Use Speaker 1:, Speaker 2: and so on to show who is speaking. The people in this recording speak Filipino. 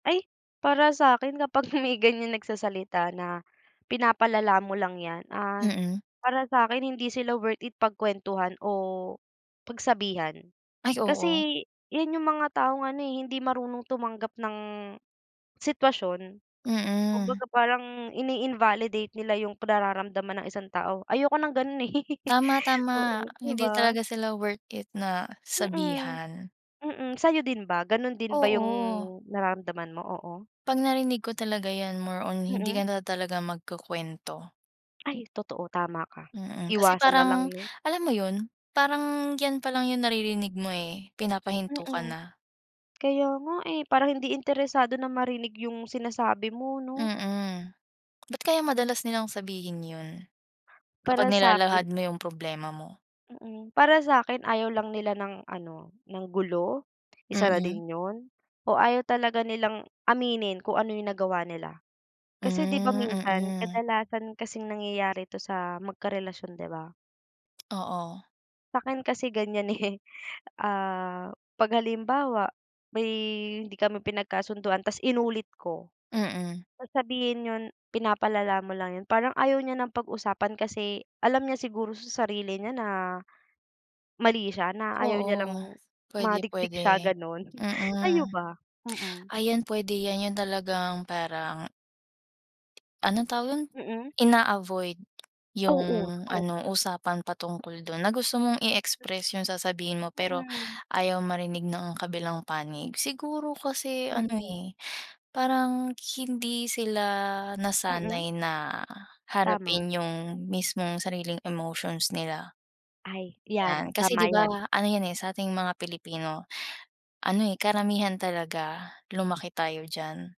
Speaker 1: Ay, para sa'kin kapag may ganiyan nagsasalita na, "pinapalala mo lang yan" ah,
Speaker 2: Mm.
Speaker 1: para sa'kin hindi sila worth it pagkwentuhan o pagsabihan
Speaker 2: Ay, oo.
Speaker 1: kasi yan yung mga taong ano, eh, hindi marunong tumanggap ng sitwasyon,
Speaker 2: Mm.
Speaker 1: kumbaga parang ini-invalidate nila yung nararamdaman ng isang tao, ayoko ng ganun, eh.
Speaker 2: Tama, tama.
Speaker 1: Oo, 'di
Speaker 2: Hindi
Speaker 1: ba?
Speaker 2: talaga sila worth it na
Speaker 1: Mm.
Speaker 2: sabihan.
Speaker 1: Mm, sa'yo din ba ganun din ba yung
Speaker 2: Oo.
Speaker 1: nararamdaman mo? Oo.
Speaker 2: Pag narinig ko talaga yan more on hindi
Speaker 1: Mm.
Speaker 2: ka na talaga magkukuwento.
Speaker 1: Ay totoo, tama ka,
Speaker 2: Mm, kasi
Speaker 1: iwasan nalang
Speaker 2: parang
Speaker 1: 'no.
Speaker 2: alam mo yun, parang yan palang yung naririnig mo, eh, pinapahinto ka
Speaker 1: Mm.
Speaker 2: na.
Speaker 1: Kaya nga eh, parang hindi interesado na marinig yung sinasabi mo, 'no?
Speaker 2: Mm. Ba't kaya madalas nilang sabihin yun, kapag
Speaker 1: Para sa'kin
Speaker 2: nilalahad mo yung problema mo?
Speaker 1: Mm, para sa'kin ayaw lang nila ng ano ng gulo isa na
Speaker 2: Mm.
Speaker 1: din yun o ayaw talaga nilang aminin kung ano yung nagawa nila.
Speaker 2: Hmm.
Speaker 1: Kasi 'di ba, minsan
Speaker 2: Mm.
Speaker 1: kadalasan kasing nangyayari ito sa magkarelasyon, 'di ba?
Speaker 2: Oo.
Speaker 1: Sa'kin kasi ganiyan, eh. Ah, pag halimbawa may hindi kami pinagkasunduan tas inulit ko,
Speaker 2: Mm.
Speaker 1: sasabihin nun, "pinapalala mo lang" yun, parang ayaw niya ng pag-usapan kasi alam niya siguro sa sarili niya na mali siya, na ayaw niya
Speaker 2: Oo,
Speaker 1: lang
Speaker 2: pwede,
Speaker 1: madikdik
Speaker 2: pwede,
Speaker 1: siya ganon.
Speaker 2: mm.
Speaker 1: Kayo ba? Mm.
Speaker 2: Ayan pwede yan yun talagang parang Anong tawag don,
Speaker 1: Mm.
Speaker 2: ina-avoid yung
Speaker 1: Oo, totoo.
Speaker 2: ano usapan patungkol dun na gusto mong i-express yung sasabihin mo, pero
Speaker 1: Mm.
Speaker 2: ayaw marinig ng kabilang panig. Siguro kasi ano,
Speaker 1: Mm.
Speaker 2: eh, parang hindi sila
Speaker 1: Mm.
Speaker 2: nasanay na
Speaker 1: Tama.
Speaker 2: harapin yung mismong sariling emotions nila.
Speaker 1: Ay yan,
Speaker 2: 'Yan kasi 'di
Speaker 1: tama
Speaker 2: ba,
Speaker 1: yan.
Speaker 2: ano yan, eh, sa'ting mga Pilipino ano, eh, karamihan talaga lumaki tayo diyan.